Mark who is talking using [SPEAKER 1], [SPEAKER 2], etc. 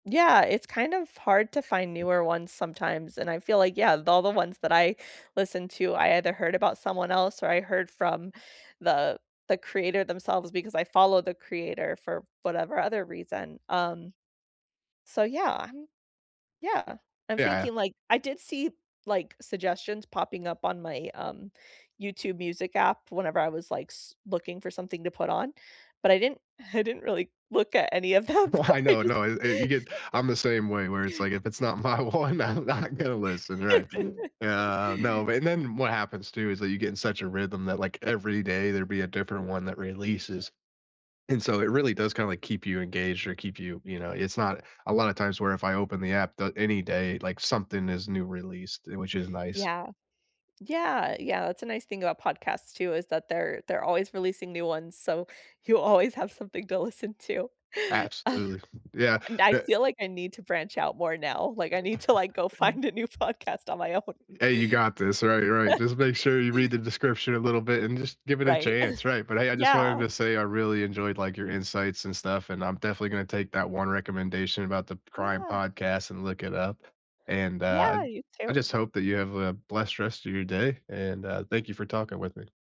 [SPEAKER 1] Yeah, it's kind of hard to find newer ones sometimes, and I feel like yeah, all the ones that I listened to, I either heard about someone else or I heard from the the creator themselves because I follow the creator for whatever other reason, um, so yeah, I'm
[SPEAKER 2] E
[SPEAKER 1] yeah, I'm
[SPEAKER 2] yeah.
[SPEAKER 1] thinking like, I did see, like, suggestions popping up on my, um, YouTube Music app whenever I was, like, s looking for something to put on, but I didn't I didn't really look at any of them,
[SPEAKER 2] Well, I
[SPEAKER 1] I
[SPEAKER 2] know,
[SPEAKER 1] just
[SPEAKER 2] no, e e you get I'm the same way where it's, like, if it's not my one, I'm not gonna listen, right? Yeah, no, and then what happens too is that you get in such a rhythm that, like, every day there'd be a different one that releases. And so it really does kinda, like, keep you engaged or keep you you know, it's not a lot of times where if I open the app da any day, like, something is new released, which is nice.
[SPEAKER 1] Yeah. Yeah, yeah, that's a nice thing about podcasts too, is that they're they're always releasing new ones, so you always have something to listen to.
[SPEAKER 2] Absolutely, yeah,
[SPEAKER 1] And I
[SPEAKER 2] bu
[SPEAKER 1] feel like I need to branch out more now, like, I need to like, go find a new podcast on
[SPEAKER 2] Y
[SPEAKER 1] my own.
[SPEAKER 2] Hey, you got this, right, right, just make sure you read the description a little bit and just give it a
[SPEAKER 1] Right,
[SPEAKER 2] chance, right? But hey, I just wanted
[SPEAKER 1] Yeah.
[SPEAKER 2] to say I really enjoyed, like, your insights and stuff, and I'm definitely gonna take that 1 recommendation about the crime
[SPEAKER 1] Yeah.
[SPEAKER 2] podcast and look it up. And, uh,
[SPEAKER 1] Yeah, you
[SPEAKER 2] I I
[SPEAKER 1] too.
[SPEAKER 2] just hope that you have a blessed rest of your day and, uh, thank you for talking with me.